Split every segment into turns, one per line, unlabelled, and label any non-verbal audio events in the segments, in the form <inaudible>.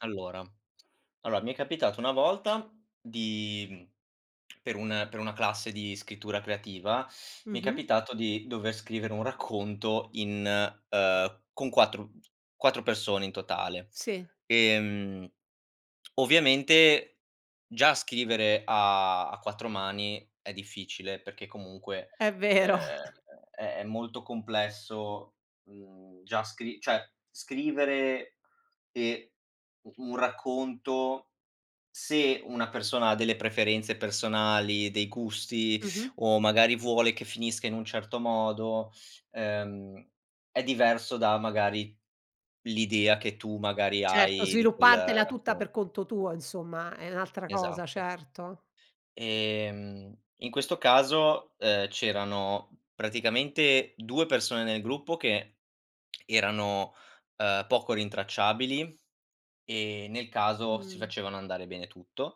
Allora, allora mi è capitato una volta di mhmm, per un per una classe di scrittura creativa, mi è
Mh-mh.
capitato di dover scrivere un racconto in, uhm, con 4 4 persone in totale,
Sì.
ehm, ovviamente, già scrivere a a 4 mani è difficile, perché, comunque,
È
uhm,
vero. <chuckles>
è è molto complesso, mhmm, già scri cioè, scrivere e u un racconto, se una persona ha delle preferenze personali, dei gusti,
Mh-mh.
o, magari, vuole che finisca in un certo modo, ehm, è diverso da, magari, l'idea che tu, magari,
Certo,
hai di quel
sviluppartela tutta
racconto
per conto tuo, insomma, è un'altra cosa,
Esatto.
certo.
Ehm, in questo caso, uhm, c'erano praticamente 2 persone nel gruppo che erano, uhm, poco rintracciabili, e, nel caso, si
Mh.
facevano andare bene tutto,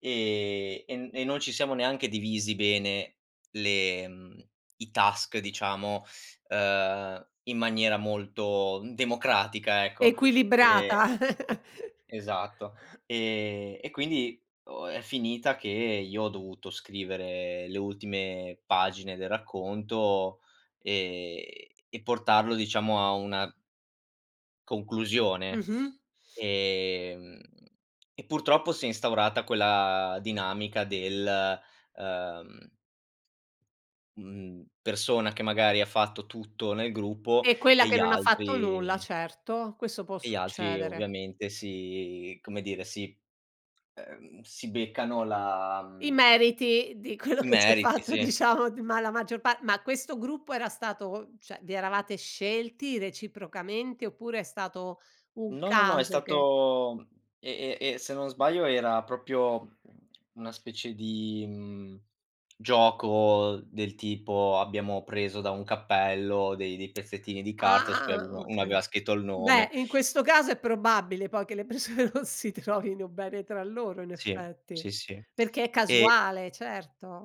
ehm, e n e non ci siamo neanche divisi bene le mhmm, i task, diciamo, uhm, in maniera molto, mhmm, democratica, ecco. Ehm,
Equilibrata. <chuckles>
esatto, ehm, e quindi o è finita che io ho dovuto scrivere le ultime pagine del racconto, ehm, e portarlo, diciamo, a una conclusione.
Mh-mh.
Ehm, e purtroppo si è instaurata quella dinamica del, uhm, mhmm, persona che magari ha fatto tutto nel gruppo
E quella
e gli
che non ha fatto nulla.
altri
Certo, questo può
e gli altri,
succedere.
ovviamente, si come dire, si ehm, si beccano la,
I
mhmm
meriti di quello
i
che si è
meriti,
fatto
sì.
diciamo, d ma la maggior pa ma questo gruppo era stato cioè, vi eravate scelti reciprocamente, oppure è stato un
No, no, no, è
caso che
stato mhmm, e e e se non sbaglio era proprio una specie di, mhmm, gioco del tipo, abbiamo preso da un cappello dei dei
<tsk>
pezzettini di carta su cui
Ah,
avevo uno
okay.
aveva scritto il nome
Beh, in questo caso è probabile poi che le persone non si trovino bene tra loro, in
Sì.
effetti.
Sì, sì,
Perché è
e
casuale, certo.